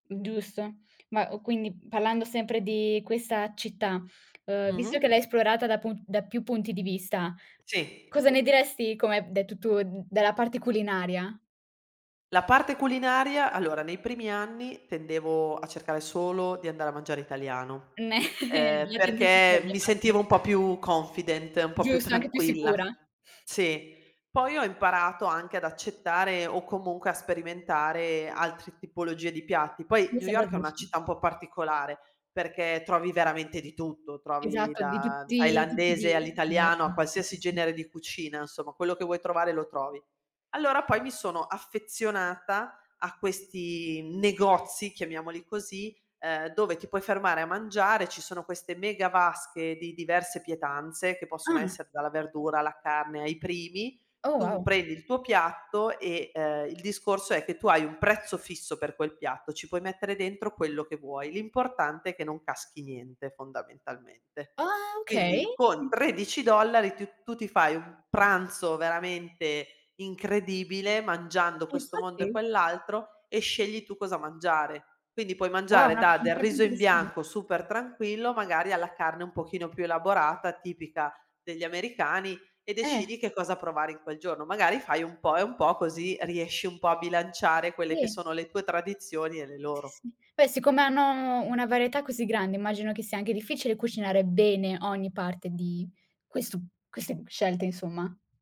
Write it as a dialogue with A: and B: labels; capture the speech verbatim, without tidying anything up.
A: Giusto. Ma, uhm, quindi, parlando sempre di questa città, ehm, visto che
B: Mh-mh.
A: l'hai esplorata da pun da più punti di vista,
B: Sì.
A: cosa ne diresti come hai b detto tu d dalla parte culinaria?
B: La parte culinaria, allora, nei primi anni tendevo a cercare solo di andare a mangiare italiano,
A: Meh,
B: ehm,
A: la tendenza è
B: perché
A: quella
B: mi
A: infatti.
B: sentivo un po' più confident, un po' più
A: Giusto, anche più
B: tranquilla.
A: sicura.
B: Sì. Poi ho imparato anche ad accettare, o comunque a sperimentare, altre tipologie di piatti. Poi
A: Mi
B: New
A: sembra
B: York è una
A: giusto.
B: città un po' particolare perché trovi veramente di tutto, trovi
A: Esatto, di
B: da
A: tutti i tipi
B: thailandese
A: di
B: all'italiano,
A: esatto,
B: a
A: tutti,
B: qualsiasi
A: sì.
B: genere di cucina, nsomma, quello che vuoi trovare lo trovi. Allora poi mi sono affezionata a questi negozi, chiamiamoli così, ehm, dove ti puoi fermare a mangiare, ci sono queste mega vasche di diverse pietanze che possono
A: Ah.
B: essere dalla verdura, alla carne, ai primi,
A: Oh,
B: tu
A: wow.
B: prendi il tuo piatto e, ehm, il discorso è che tu hai un prezzo fisso per quel piatto, ci puoi mettere dentro quello che vuoi, l'importante è che non caschi niente, fondamentalmente.
A: Ah okay,
B: Quindi con
A: mh-mh.
B: tredici dollari tiu tu ti fai un pranzo veramente incredibile, mangiando
A: E
B: questo mondo e
A: infatti.
B: quell'altro, e scegli tu cosa mangiare. Quindi puoi
A: Wow
B: mangiare
A: una
B: da
A: un
B: del
A: piatto
B: riso in
A: interessante.
B: bianco super-tranquillo magari, alla carne un pochino più elaborata tipica degli americani e
A: Eh.
B: decidi che cosa provare in quel giorno. Magari fai un po' e un po' così riesci un po' a bilanciare quelle che
A: [unintelligible]
B: sono le tue tradizioni e le
A: Sì,
B: loro.
A: sì. Beh siccome hanno u una varietà così grande, immagino che sia anche difficile cucinare bene ogni parte di questu queste scelte insomma.